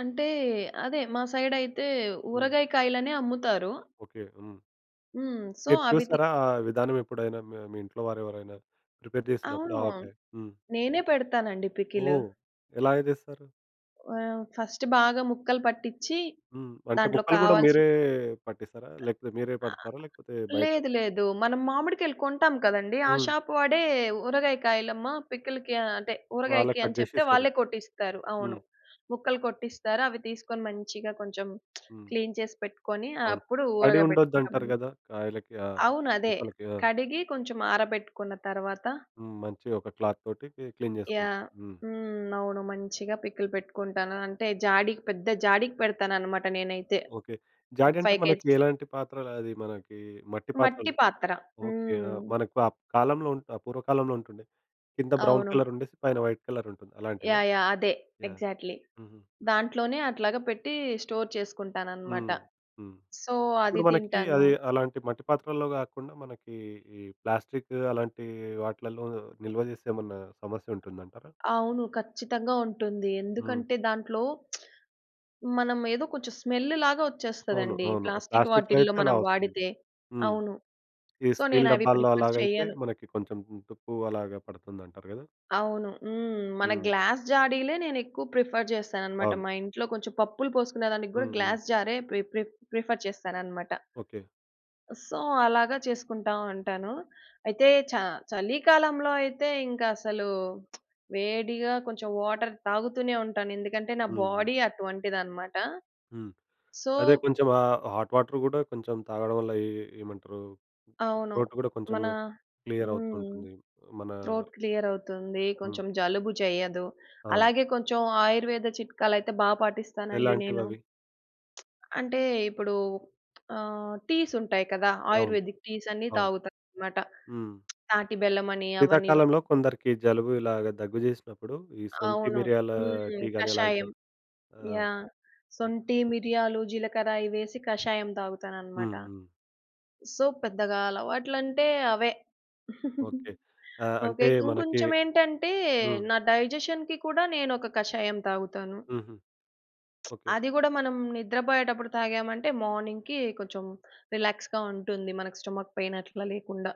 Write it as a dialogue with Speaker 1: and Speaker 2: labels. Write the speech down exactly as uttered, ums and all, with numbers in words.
Speaker 1: అంటే అదే మా సైడ్ అయితే
Speaker 2: హ్మ్.
Speaker 1: ఊరగాయ కాయలనే అమ్ముతారు.
Speaker 2: ఓకే. హ్మ్.
Speaker 1: హ్మ్. సో
Speaker 2: మీరు
Speaker 1: అవి‌ తి
Speaker 2: చూసారా ఆ విధానం ఎప్పుడైనా? మీ మీ ఇంట్లో వారెవరైనా ప్రిపేర్ జేసినప్పుడు
Speaker 1: అవును.
Speaker 2: ఆవకాయ. హ్మ్.
Speaker 1: నేనే పెడతానండి పికిలు.
Speaker 2: ఓహ్! ఎలా‌గా జేస్తారు?
Speaker 1: ఆహ్, ఫస్ట్ బాగా ముక్కలు పట్టించి
Speaker 2: హ్మ్. అంటే
Speaker 1: దాంట్లో
Speaker 2: ముక్కలు కూడా
Speaker 1: కావాల్సిన
Speaker 2: మీరే పట్టేసారా? లేకపోతే మీరే
Speaker 1: ఆహ్,
Speaker 2: పడతారా?
Speaker 1: ఆ
Speaker 2: లేకపోతే బయట
Speaker 1: లేదు, లేదు మనం మామిడికాయలు కొంటాం కదండీ! ఆ
Speaker 2: హ్మ్.
Speaker 1: షాప్ వాడే "ఊరగాయ కాయలమ్మ పికిల్‌కి" అంటే
Speaker 2: వాళ్ళే
Speaker 1: ఊరగాయకి
Speaker 2: కట్
Speaker 1: అని
Speaker 2: జేసి
Speaker 1: చెప్తే
Speaker 2: ఇస్తారు
Speaker 1: వాళ్ళే కొట్టిస్తారు
Speaker 2: హ్మ్.
Speaker 1: అవును. ముక్కలు కొట్టిస్తారు. అవి తీసుకొని మంచిగా కొంచెం
Speaker 2: హ్మ్.
Speaker 1: క్లీన్ చేసి పెట్టుకొని
Speaker 2: అవును.
Speaker 1: అప్పుడు
Speaker 2: తడి
Speaker 1: ఊరగాయ
Speaker 2: ఉండొద్దు
Speaker 1: పెట్టుకుంటాం
Speaker 2: అంటారు
Speaker 1: అన్నమాట.
Speaker 2: గదా! కాయలకి ఆ
Speaker 1: అవును అదే.
Speaker 2: ముక్కలకి. ఆ!
Speaker 1: కడిగి కొంచెం ఆరబెట్టుకున్న తరవాత
Speaker 2: హ్మ్. మంచి ఒక క్లాత్ తోటి కీ క్లీన్ జేసుకుంటాం.
Speaker 1: యాహ్!
Speaker 2: హ్మ్.
Speaker 1: హ్మ్ అవును మంచిగా పికిల్ పెట్టుకుంటాను. అంటే జాడికి పెద్ద జాడికి పెడతానన్నమాట నేనైతే
Speaker 2: ఓకే.
Speaker 1: ఒక
Speaker 2: జాడి అంటే
Speaker 1: ఫైవ్
Speaker 2: మనకి
Speaker 1: కేజీ‌స్
Speaker 2: ఎలాంటి పాత్రలది మనకి మట్టి
Speaker 1: మట్టి
Speaker 2: పాత్రలు,
Speaker 1: పాత్ర.
Speaker 2: ఓకే. ఆహ్,
Speaker 1: హ్మ్.
Speaker 2: మనకు ఆ కాలంలో ఆహ్, పూర్వకాలంలో ఉంటుం‌డే. కింద బ్రౌన్
Speaker 1: అవును.
Speaker 2: కలర్ ఉండేసి పైన వైట్ కలర్ ఉంటుంది. అలాంటివా?
Speaker 1: యాహ్! యాహ్! అదే
Speaker 2: యాహ్!
Speaker 1: ఎగ్జాక్ట్‌లి
Speaker 2: హుహు.
Speaker 1: దాంట్లోనే అట్లాగా పెట్టి స్టోర్ చేసుకుంటానన్నమాట.
Speaker 2: హ్మ్. హ్మ్.
Speaker 1: సో, అది
Speaker 2: ఇప్పుడు మనకి
Speaker 1: తింటాను
Speaker 2: అది అలాంటి మట్టి పాత్రల్లో గాకుండా మనకి ఈ ప్లాస్టిక్ అలాంటి వాట్లల్లో నిల్వజేస్తే ఏమన్నా సమస్య ఉంటుందంటారా?
Speaker 1: అవును ఖచ్చితంగా ఉంటుంది.
Speaker 2: హ్మ్.
Speaker 1: ఎందుకంటే దాంట్లో మనం ఏదో కొంచెం స్మెల్ లాగా
Speaker 2: అవును,
Speaker 1: వచ్చేస్తదండి
Speaker 2: అవును. ఆ
Speaker 1: ప్లాస్టిక్
Speaker 2: ప్లాస్టిక్‌లో
Speaker 1: వాటిల్లో
Speaker 2: అయితే అలా
Speaker 1: మనం
Speaker 2: వస్తుంది.
Speaker 1: వాడితే.
Speaker 2: హ్మ్.
Speaker 1: అవును.
Speaker 2: ఈ
Speaker 1: సో నేను
Speaker 2: స్టీల్
Speaker 1: అవి
Speaker 2: డబ్బాలో
Speaker 1: ప్రిఫర్
Speaker 2: అలాగైతే
Speaker 1: చెయ్యను.
Speaker 2: మనకి కొంచెం తుప్పు అలాగా పడుతుందంటారు గదా!
Speaker 1: అవును. హ్మ్. మన
Speaker 2: హ్మ్.
Speaker 1: గ్లాస్ జా‌డిలే నేనెక్కువ ప్రిఫర్ చేస్తానన్నమాట.
Speaker 2: అవును.
Speaker 1: మా ఇంట్లో కొంచెం పప్పులు పోసుకునే దానికి గూడా
Speaker 2: హ్మ్, హ్మ్.
Speaker 1: గ్లాస్ జారే ప్రి ప్రి ప్రిఫర్ చేస్తానన్నమాట.
Speaker 2: ఓకే.
Speaker 1: సో, అలాగా చేసుకుంటా ఉంటాను. అయితే చ చలికాలంలో అయితే ఇంకసలు వేడిగా కొంచెం వాటర్ తాగుతూనే ఉంటాను ఎందుకంటే నా
Speaker 2: హ్మ్. హ్మ్.
Speaker 1: బాడీ అటువంటిదన్నమాట.
Speaker 2: హ్మ్.
Speaker 1: సో
Speaker 2: అదే కొంచెం ఆహ్, హాట్ వాటర్ కూడా కొంచెం తాగడం వల్ల ఏ ఏమంటారు
Speaker 1: అవును.
Speaker 2: త్రోట్ కూడా కొంచెం
Speaker 1: మన
Speaker 2: క్లియర్
Speaker 1: హ్మ్.
Speaker 2: అవుతూంటుంది. మన
Speaker 1: త్రోట్ క్లియర్ అవుతుంది.
Speaker 2: హ్మ్.
Speaker 1: కొంచెం జలుబు జెయ్యదు.
Speaker 2: అవును.
Speaker 1: అలాగే కొంచెం ఆయుర్వేద చిట్కాలు అయితే బా పాటిస్తానండి నేను.
Speaker 2: ఎలాంటివవి?
Speaker 1: అంటే ఇప్పుడు ఆహ్, టీస్ ఉంటాయి కదా!
Speaker 2: అవును.
Speaker 1: ఆయుర్వేదిక్ టీస్ అన్ని
Speaker 2: అవును.
Speaker 1: తాగుతానన్నమాట.
Speaker 2: హ్మ్.
Speaker 1: తాటి బెల్లం అని అవని ఇవని.
Speaker 2: శీతాకాలంలో కొందరికి జలుబు ఇలాగ దగ్గు జేసినప్పుడు ఈ శొంఠి
Speaker 1: అవును.
Speaker 2: మిరియాల
Speaker 1: హ్మ్
Speaker 2: టీ గాని అలాగ త
Speaker 1: కషాయం.
Speaker 2: ఆ!
Speaker 1: యాహ్!
Speaker 2: ఓకే.
Speaker 1: శొంఠి, మిరియాలు, జీలకర్ర అయి వేసి కషాయం తాగుతానన్నమాట.
Speaker 2: హ్మ్, హ్మ్.
Speaker 1: సో, పెద్దగా అలవాట్లంటే అవే.
Speaker 2: ఓకే. ఆహ్,
Speaker 1: ఓకే
Speaker 2: అంటే మనకి
Speaker 1: ఇంకొంచెం ఏంటంటే
Speaker 2: హ్మ్.
Speaker 1: నా డైజెషన్‌కి కూడా నేను ఒక కాషాయం తాగుతాను.
Speaker 2: హుహు. ఓకే.
Speaker 1: అది గూడా మనం నిద్రబోయేటప్పుడు తాగామంటే మార్నింగ్‌కి కొంచెం రిలాక్స్‌గా ఉంటుంది. మన‌కి స్టమక్ పైన్ అట్లా లేకుండా.